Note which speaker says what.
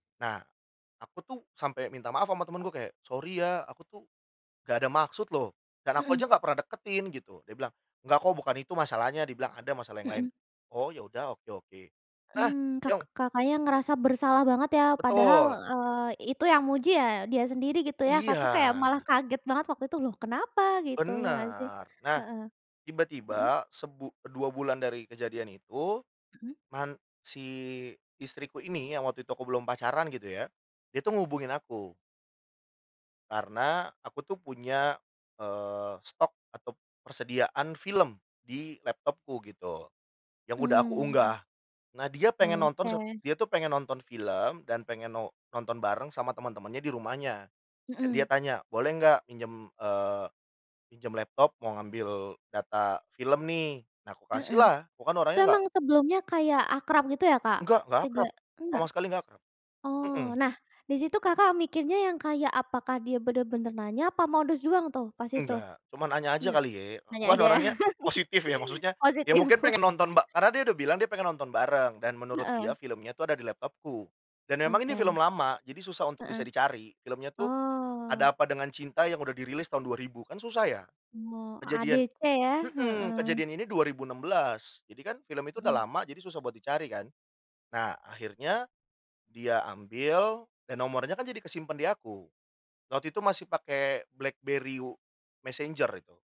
Speaker 1: Nah, aku tuh sampai minta maaf sama temenku kayak, "Sori ya, aku tuh nggak ada maksud loh dan aku
Speaker 2: Mhm.
Speaker 1: aja nggak pernah deketin gitu." Dia bilang, "Enggak kok bukan itu masalahnya," dia bilang, "ada masalah yang lain."
Speaker 2: Mhm.
Speaker 1: Oh ya udah, oke oke, nah
Speaker 2: Mmm, kak
Speaker 1: yong
Speaker 2: Kakaknya ngerasa bersalah banget ya padahal,
Speaker 1: Betul.
Speaker 2: eee, itu yang muji ya dia sendiri gitu ya, Kakak
Speaker 1: Iya.
Speaker 2: kayak malah kaget banget waktu itu loh kenapa? Gitu ya gak sih?
Speaker 1: Benar, nah,
Speaker 2: Heeh, mhm?
Speaker 1: tiba-tiba sebu 2 bulan dari kejadian itu,
Speaker 2: Hmm.
Speaker 1: man si istriku ini, yang waktu itu aku belum pacaran gitu ya. Dia tuh ngubungin aku karena aku tuh punya, eee, stok atau persediaan film di laptopku gitu, yang udah aku
Speaker 2: Hmm.
Speaker 1: unggah. Nah, dia
Speaker 2: Ah,
Speaker 1: pengen nonton sat
Speaker 2: oke.
Speaker 1: dia tuh pengen nonton film dan pengen no nonton bareng sama teman-temannya di rumahnya dan dia
Speaker 2: Mhm.
Speaker 1: tanya, "Boleh nggak minjem, eee, minjem laptop mau ngambil data film nih?" Nah aku kasih
Speaker 2: Heeh,
Speaker 1: lah, aku kan
Speaker 2: itu
Speaker 1: orangnya nggak
Speaker 2: emang sebelumnya kayak akrab gitu ya, Kak?
Speaker 1: Enggak, gak akrab,
Speaker 2: Tegak enggak?
Speaker 1: sama sekali nggak akrab.
Speaker 2: Oh,
Speaker 1: Mhm.
Speaker 2: nah, di situ Kakak mikirnya yang kayak, apakah dia benar-benar nanya, apa modus doang tuh pas itu?
Speaker 1: Enggak, cuma nanya aja
Speaker 2: Enggak?
Speaker 1: kali ye. Aku
Speaker 2: Nanya
Speaker 1: kan
Speaker 2: aja,
Speaker 1: orangnya positif ya maksudnya, ya
Speaker 2: positif.
Speaker 1: mungkin pengen nonton ba karena dia udah bilang dia pengen nonton bareng dan menurut
Speaker 2: Heeh.
Speaker 1: dia filmnya tuh ada di laptopku. Dan memang ini
Speaker 2: Oke.
Speaker 1: film lama, jadi susah untuk bisa
Speaker 2: Heeh.
Speaker 1: dicari, filmnya tuh
Speaker 2: Oh.
Speaker 1: Ada Apa Dengan Cinta yang udah dirilis tahun 2000, kan susah ya.
Speaker 2: Oh,
Speaker 1: Kejadian
Speaker 2: AADC ya,
Speaker 1: mhm,
Speaker 2: heeh.
Speaker 1: kejadian ini 2016 jadi kan film itu udah
Speaker 2: Mmm.
Speaker 1: lama, jadi susah buat dicari kan. Nah akhirnya dia ambil, dan nomornya kan jadi ke simpan di aku. Waktu itu masih pakai Blackberry w messenger itu.